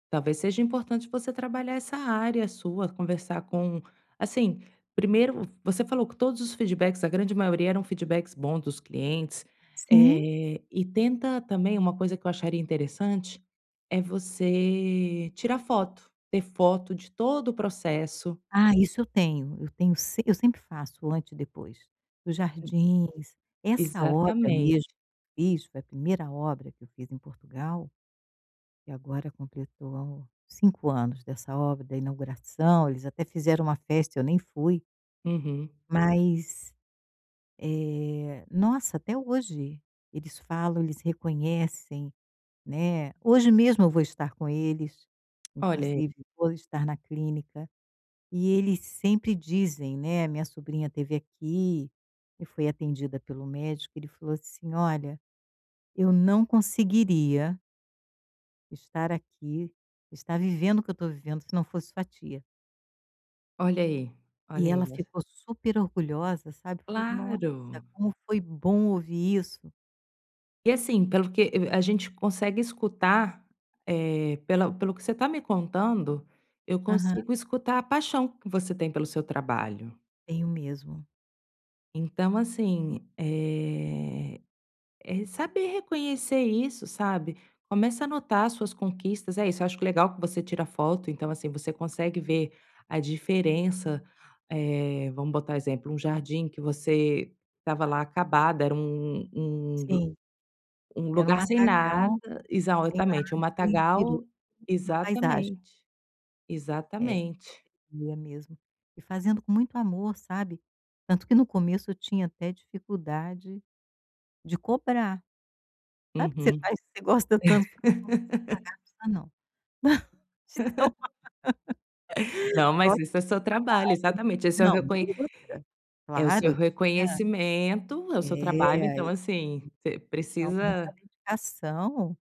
Talvez seja importante você trabalhar essa área sua, conversar com assim, primeiro você falou que todos os feedbacks, a grande maioria eram feedbacks bons dos clientes, Sim. eh, e tenta também uma coisa que eu acharia interessante, é você tirar foto. Ter foto de todo o processo. Ah, isso eu tenho. Eu tenho se eu sempre faço o antes e depois. Os Sim. jardins. Essa obra, mesmo Exatamente. fiz, foi a 1ª obra que eu fiz em Portugal, e agora completou 5 anos dessa obra, da inauguração eles até fizeram uma festa e eu nem fui. Uhum. Mas, eh, nossa, até hoje eles falam, eles reconhecem, né. Hoje mesmo eu vou estar com eles. Olha aí. Inclusive, vou estar na clínica. E eles sempre dizem, né, a minha sobrinha esteve aqui, e foi atendida pelo médico, ele falou assim: "Olha, eu não conseguiria" "estar aqui, estar vivendo o que eu tô vivendo se não fosse sua tia." Olha aí, olha E ela aí es ficou super orgulhosa, sabe. Falou: "Nossa, Claro. como foi bom ouvir isso." E assim, pelo que e a gente consegue escutar, eh, pela pelo que você tá me contando, eu Aham. consigo escutar a paixão que você tem pelo seu trabalho. Tenho mesmo. Então, assim, eh, é re saber reconhecer isso, sabe. Começa a anotar as suas conquistas é isso, eu acho q legal que você tira foto, então, assim, você consegue ver a diferença, eh, vamos botar exemplo: um jardim que você estava lá acabado, era um um g Sim. um Era um lugar sem nada matagal, sem nada exatamente, um e virou matagal, [unintelligible] na paisagem. exatamente. É. Exatamente. E é mesmo. E fazendo com muito amor, sabe. Tanto que no começo eu tinha até dificuldade de cobrar. Sabe que você Uhum. faz porque você gosta tanto se você não quiser pagar, não precisa, de tão Não, Só mas que isso é dava seu trabalho trabalho. exatamente. Esse é o Não, e reconhe outra. é o Claro, seu eu tinha reconhecimento, é é, o seu e trabalho, ai. então, [unintelligible] assim, você Então, muita precisa dedicação.